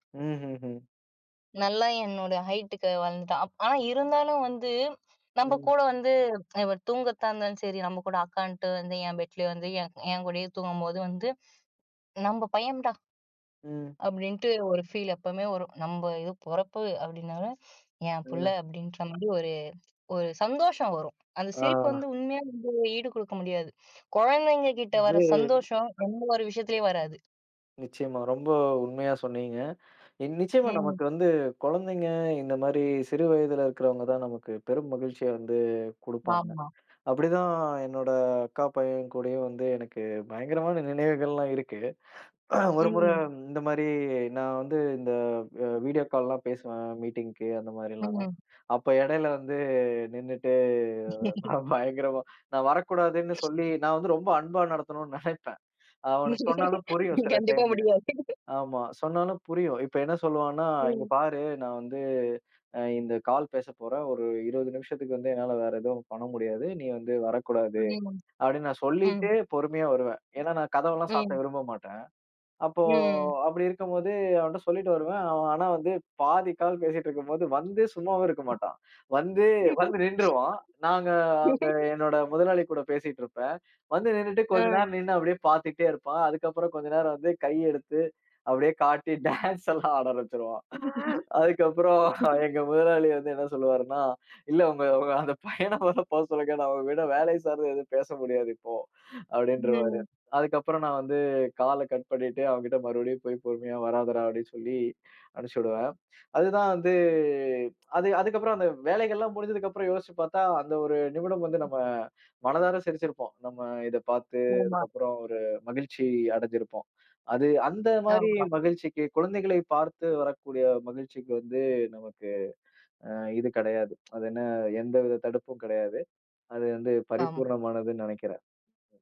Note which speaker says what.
Speaker 1: ம்ஹுஹும்.
Speaker 2: நல்லா என்னோட ஹைட்டுக்கு வளர்ந்துட்டான். அப் ஆனா, இருந்தாலும் வந்து நம்ப
Speaker 1: ம்.
Speaker 2: கூட வந்து இவர் தூங்கர்தாந்தாலும் சரி, நம்ம கூட அக்கான்னுட்டு வந்து என் பெட்லேயே வந்து என் என் கூடயே தூங்கம்போது வந்து, நம்ப பையம்டா.
Speaker 1: ம்.
Speaker 2: அப்டின்ட்டு ஒரு ஃபீல் எப்பவுமே வரும். நம்ப இது பொறப்பு அப்டினாலும் என் புள்ள
Speaker 1: ம்.
Speaker 2: அப்டின்ற மாரி ஒரு ஒரு சந்தோஷம் வரும். அந்த சிரிப்பு
Speaker 1: ஆ.
Speaker 2: வந்து உண்மையா வந்து ஈடு குடுக்க முடியாது. குழந்தைங்க கிட்ட வர
Speaker 1: இது
Speaker 2: சந்தோஷம், எந்த ஒரு விஷயத்திலயும் வராது.
Speaker 1: நிச்சியமா, ரொம்ப உண்மையா சொன்னீங்க என் நிச்சியமா, நமக்கு
Speaker 2: ம்.
Speaker 1: வந்து குழந்தைங்க இந்த மாரி சிறு வயதுல இருக்கிறவங்க தான் நமக்கு பெரும் மகிழ்ச்சிய வந்து குடுப்பாங்க.
Speaker 2: ஆமா.
Speaker 1: அப்டிதான் என்னோட அக்கா பையன் கூடயும் வந்து எனக்கு பயங்கரமான நினைவுகள்லாம் இருக்கு. ஒரு முறை
Speaker 2: ம்.
Speaker 1: இந்த மாரி நான் வந்து இந்த வ வீடியோ கால்லாம் பேசுவேன் மீட்டிங்க்கு அந்த மாரிலாம்.
Speaker 2: ம்.
Speaker 1: அப்ப இடையில வந்து நின்னுட்டு நான் பயங்கரமா நான் வரக்கூடாதுன்னு சொல்லி நான் வந்து ரொம்ப அன்பா நடத்தணுனு நெனைப்பேன். அவனுக்கு சொன்னாலும் புரியும் சில
Speaker 2: கண்டிப்பா
Speaker 1: டைமு.
Speaker 2: முடியாது.
Speaker 1: ஆமா, சொன்னாலும் புரியும். இப்ப என்ன சொல்லுவான்னா, "இங்க
Speaker 2: ம்.
Speaker 1: பாரு நான் வந்து அ இந்த கால் பேசப்போறேன். ஒரு 20 நிமிஷத்துக்கு வந்து என்னால வேற எதும் பண்ண முடியாது. நீ வந்து வரக்கூடாது."
Speaker 2: ம்.
Speaker 1: அப்டின்னு நான்
Speaker 2: ம்.
Speaker 1: சொல்லிட்டு பொறுமையா வருவேன். ஏனா, நான் கதவெல்லாம் சாத்த
Speaker 2: ம்.
Speaker 1: விரும்ப மாட்டேன். அப்போ
Speaker 2: ம்.
Speaker 1: அப்டி இருக்கும் போது அவன்ட்ட சொல்லிட்டு வருவேன். அவன் ஆனா வந்து, பாதி கால் பேசிட்டு இருக்கும்போது வந்து சும்மாவே இருக்க மாட்டான். வந்து வந்து நின்னுருவான். நாங்க அங்க என்னோட முதலாளி கூட பேசிட்டுருப்பேன். வந்து நின்னுட்டு கொஞ்ச
Speaker 2: அ.
Speaker 1: நேரம் நின்னு அப்டியே பார்த்துட்டே இருப்பான். அதுக்கப்புறம் கொஞ்ச நேரம் வந்து கை எடுத்து அப்டியே காட்டி டான்ஸ்லாம் ஆட ஆரம்பிச்சிருவான். அதுக்கப்புறம்
Speaker 2: [unintelligible]
Speaker 1: எங்க முதலாளி வந்து என்ன சொல்லுவாருன்னா, இல்ல உங்க உங்க அந்த பையன மொத போ சொல்லுங்க, நான் உங்ககூட வேலை சார்ந்து எதும் பேச முடியாது இப்போ, அப்டின்றவாரு.
Speaker 2: ம்.
Speaker 1: அதுக்கப்புறம் நான் வந்து கால்ல கட் பண்ணிட்டு, அவன் கிட்ட மறுபடியும் போய் பொறுமையா வராதடா அப்டின்னு சொல்லி அனுச்சுடுவேன். அதுதான் வந்து, அது அதுக்கப்புறம் அந்த வேலைகள்லாம் முடிஞ்சதுக்கு அப்புறம் யோசிச்சு பார்த்தா, அந்த ஒரு நிமிடம் வந்து நம்ம மனதார சிரிச்சிருப்போம். நம்ம இதப் பார்த்து
Speaker 2: ஆமா.
Speaker 1: அதுக்கப்புறம் ஒரு மகிழ்ச்சி அடைஞ்சிருப்போம். அது அந்த மாரி
Speaker 2: [unintelligible]
Speaker 1: மகிழ்ச்சிக்கு குழந்தைகளை பார்த்து வரக்கூடிய மகிழ்ச்சிக்கு வந்து நமக்கு ஆ இது கடையாது. அது என்ன, எந்த வித தடுப்பும் கடையாது. அது வந்து
Speaker 2: ஆம்.
Speaker 1: பரிபூரணமானது நெனைக்கிறேன்.